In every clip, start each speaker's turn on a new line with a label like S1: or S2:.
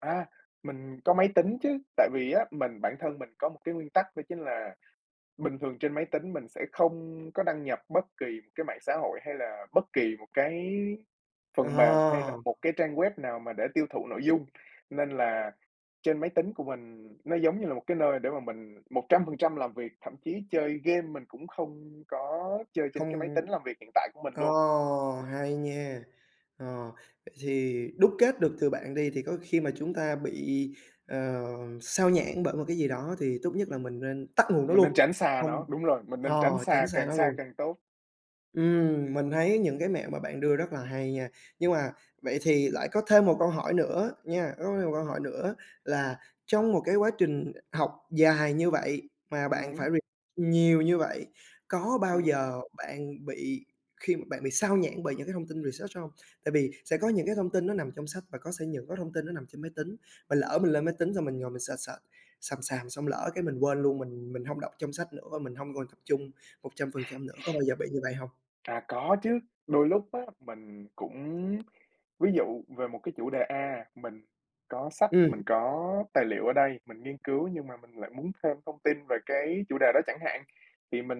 S1: À, mình có máy tính chứ, tại vì á mình bản thân mình có một cái nguyên tắc đó chính là bình thường trên máy tính mình sẽ không có đăng nhập bất kỳ một cái mạng xã hội hay là bất kỳ một cái phần mềm hay
S2: Ờ!
S1: là một cái trang web nào mà để tiêu thụ nội dung. Nên là trên máy tính của mình nó giống như là một cái nơi để mà mình 100% làm việc, thậm chí chơi game mình cũng không có chơi trên cái máy
S2: Không
S1: tính làm việc hiện tại của mình
S2: ờ,
S1: luôn.
S2: hay nha! Ờ, vậy thì đúc kết được từ bạn đi thì có khi mà chúng ta bị, ờ, xao nhãng bởi một cái gì đó thì tốt nhất là mình nên tắt nguồn đó
S1: Mình nên
S2: luôn,
S1: tránh xa
S2: không
S1: nó, đúng rồi, mình nên
S2: ờ,
S1: tránh xa,
S2: tránh xa
S1: càng
S2: nó
S1: xa
S2: luôn.
S1: càng tốt.
S2: Ừm, mình thấy những cái mẹo mà bạn đưa rất là hay nha. Nhưng mà vậy thì lại có thêm một câu hỏi nữa nha, có thêm một câu hỏi nữa là trong một cái quá trình học dài như vậy mà
S1: Ừm
S2: bạn
S1: hứm.
S2: phải re nhiều như vậy, có bao
S1: Ừm hứm.
S2: giờ bạn bị khi mà bạn bị xao nhãng bởi những cái thông tin research hông? Tại vì sẽ có những cái thông tin nó nằm trong sách và có sẽ những có thông tin nó nằm trên máy tính, mà lỡ mình lên máy tính xong mình ngồi mình search, search xàm xàm xong lỡ cái mình quên luôn, mình mình hông đọc trong sách nữa và mình hông còn tập trung 100% nữa, có bao giờ bị như vậy hông?
S1: À, có chứ, đôi lúc á mình cũng ví dụ về một cái chủ đề A, mình có sách,
S2: Ừm.
S1: mình có tài liệu ở đây, mình nghiên cứu nhưng mà mình lại muốn thêm thông tin về cái chủ đề đó chẳng hạn. Thì mình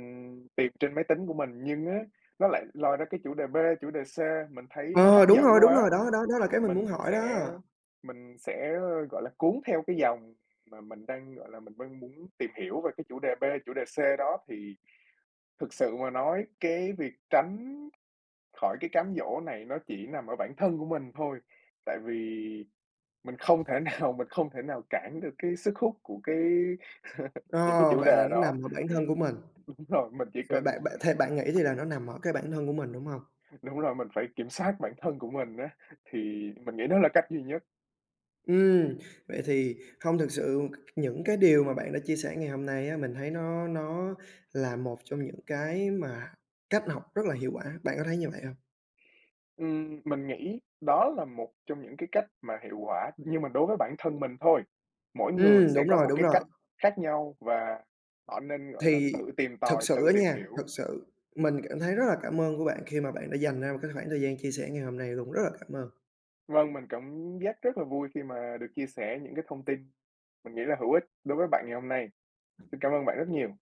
S1: tìm trên máy tính của mình, nhưng á, nó lại lôi ra cái chủ đề B, chủ đề C mình thấy nó hấp
S2: Ờ! Đúng rồi,
S1: dẫn
S2: đúng rồi,
S1: quá,
S2: đó, đó, đó là cái mình muốn
S1: mình
S2: hỏi đó.
S1: sẽ mình sẽ, gọi là, cuốn theo cái dòng mà mình đang, gọi là, mình đang muốn tìm hiểu về cái chủ đề B, chủ đề C đó. Thì thực sự mà nói cái việc tránh khỏi cái cám dỗ này nó chỉ nằm ở bản thân của mình thôi, tại vì mình không thể nào, mình không thể nào cản được cái sức hút của cái
S2: Ờ,
S1: những cái chủ
S2: vậy là
S1: đề
S2: nó nằm
S1: đó.
S2: ở bản thân của mình.
S1: Đúng rồi, mình chỉ
S2: Vậy bạn
S1: cần
S2: bạn theo bạn nghĩ thì là nó nằm ở cái bản thân của mình, đúng hông?
S1: Đúng rồi, mình phải kiểm soát bản thân của mình á, thì mình nghĩ đó là cách duy nhất.
S2: Ừm, vậy thì hông thực sự c c những cái điều mà bạn đã chia sẻ ngày hôm nay á, mình thấy nó nó là một trong những cái mà cách học rất là hiệu quả, bạn có thấy như vậy hông?
S1: Ừm, mình nghĩ đó là một trong những cái cách mà hiệu quả, nhưng mà đối với bản thân mình thôi. Mỗi người
S2: Ừm,
S1: sẽ
S2: đúng
S1: có
S2: rồi,
S1: một
S2: đúng
S1: cái
S2: rồi!
S1: cách khác nhau và họ nên, gọi là,
S2: Thì
S1: tự tìm
S2: thực
S1: tòi, tự
S2: sự á
S1: tìm
S2: nha,
S1: hiểu.
S2: thực sự mình cảm thấy rất là cảm ơn của bạn khi mà bạn đã dành ra một cái khoảng thời gian chia sẻ ngày hôm nay luôn, rất là cảm ơn.
S1: Vâng, mình cảm giác rất là vui khi mà được chia sẻ những cái thông tin mình nghĩ là hữu ích đối với bạn ngày hôm nay. Xin cảm ơn bạn rất nhiều.